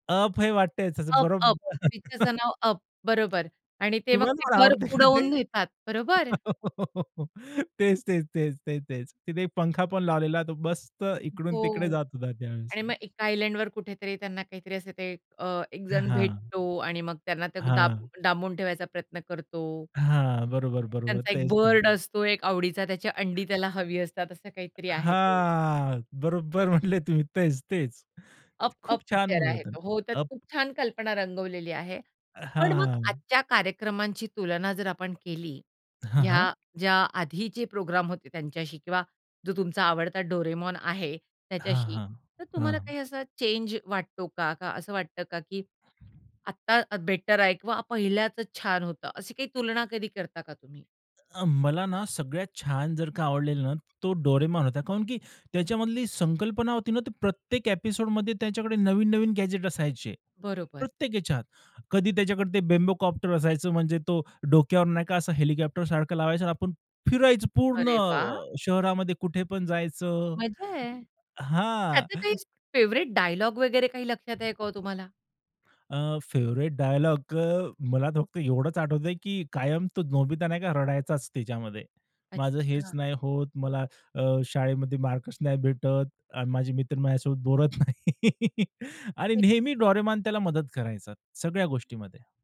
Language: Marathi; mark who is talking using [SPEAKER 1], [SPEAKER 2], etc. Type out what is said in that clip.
[SPEAKER 1] अप हे वाटतंय त्याचं.
[SPEAKER 2] अप, अप
[SPEAKER 1] बरोबर.
[SPEAKER 2] ती त्याचं नाव अप, बरोबर. आणि ते मग
[SPEAKER 1] तुम्हाला
[SPEAKER 2] ते
[SPEAKER 1] पण
[SPEAKER 2] घर
[SPEAKER 1] आवडते का ते?
[SPEAKER 2] उडवून नेतात, बरोबर?
[SPEAKER 1] तेच, तेच, तेच, तेच, तेच. तिथे एक पंखा पण लावलेला आहे. तो मस्त इकडून-तिकडे
[SPEAKER 2] हो.
[SPEAKER 1] जात होता त्यावेळेस.
[SPEAKER 2] आणि मग एका आयलँडवर कुठेतरी त्यांना काहीतरी असं ते अ, एक
[SPEAKER 1] हां,
[SPEAKER 2] जण
[SPEAKER 1] हां.
[SPEAKER 2] भेटतो आणि मग त्यांना ते डा
[SPEAKER 1] हां.
[SPEAKER 2] डांबून ठेवायचा प्रयत्न करतो.
[SPEAKER 1] हां, बरोबर, बरोबर.
[SPEAKER 2] त्यांचा एक
[SPEAKER 1] तेच ते.
[SPEAKER 2] बर्ड असतो, एक आवडीचा. त्याची अंडी त्याला हवी असतात, असं काहीतरी आहे ते.
[SPEAKER 1] हां, बरोबर म्हटले तुम्ही. तेच, तेच
[SPEAKER 2] अप,
[SPEAKER 1] खूप
[SPEAKER 2] अप
[SPEAKER 1] छान
[SPEAKER 2] पिक्चर
[SPEAKER 1] मूव्ही
[SPEAKER 2] आहे
[SPEAKER 1] होता ना,
[SPEAKER 2] तो. हो, त्यात
[SPEAKER 1] अप
[SPEAKER 2] खूप छान कल्पना रंगवलेली आहे.
[SPEAKER 1] अ,
[SPEAKER 2] पण मग
[SPEAKER 1] हां.
[SPEAKER 2] आजच्या कार्यक्रमांची तुलना जर आपण केली,
[SPEAKER 1] हां, हां.
[SPEAKER 2] ह्या ज्या आधीचे प्रोग्राम होते त्यांच्याशी किंवा जो तुमचा आवडता डोरेमॉन आहे
[SPEAKER 1] हां,
[SPEAKER 2] त्याच्याशी,
[SPEAKER 1] हां.
[SPEAKER 2] तर तुम्हाला
[SPEAKER 1] हां.
[SPEAKER 2] काही असा चेंज वाटतो का? का असं वाटतं का, की आत्ता बेटर आहे किंवा पहिल्याच छान होतं? अशी काही तुलना कधी करता का तुम्ही?
[SPEAKER 1] अ, मला ना, सगळ्यात छान जर का आवडलेलं ना, तो डोरेमॉन होता. कारण की त्याच्यामधली संकल्पना होती ना, ती प्रत्येक ॲपिसोडमध्ये त्याच्याकडे नवीन-नवीन गॅजेट असायचे
[SPEAKER 2] बरोबर.
[SPEAKER 1] प्रत्येक ह्याच्यात. कधी त्याच्याकडे ते बेम्बोकॉप्टर असायचं, म्हणजे तो डोक्यावर नाही का, असं हेलिकॉप्टरसारखं लावायचं आणि आपण फिरायचं पूर्ण
[SPEAKER 2] अरे वाह!
[SPEAKER 1] शहरामध्ये, कुठे पण जायचं.
[SPEAKER 2] मजा आहे.
[SPEAKER 1] हां.
[SPEAKER 2] त्याचं काही फेव्हरेट डायलॉग वगैरे काही लक्षात आहे का हो तुम्हाला?
[SPEAKER 1] अ, फेवरेट डायलॉग अ, मला फक्त एवढंच आठवतंय, की कायम तो नोबित नाही का, रडायचाच त्याच्यामध्ये. माझं हेच
[SPEAKER 2] अच्छा.
[SPEAKER 1] नाही होत. मला अ, शाळेमध्ये मार्कच नाही भेटत आणि माझे मित्र माझ्यासोबत बोलत नाही. आणि
[SPEAKER 2] हे
[SPEAKER 1] नेहमी डोरेमॉन त्याला मदत करायचा सगळ्या गोष्टींमध्ये.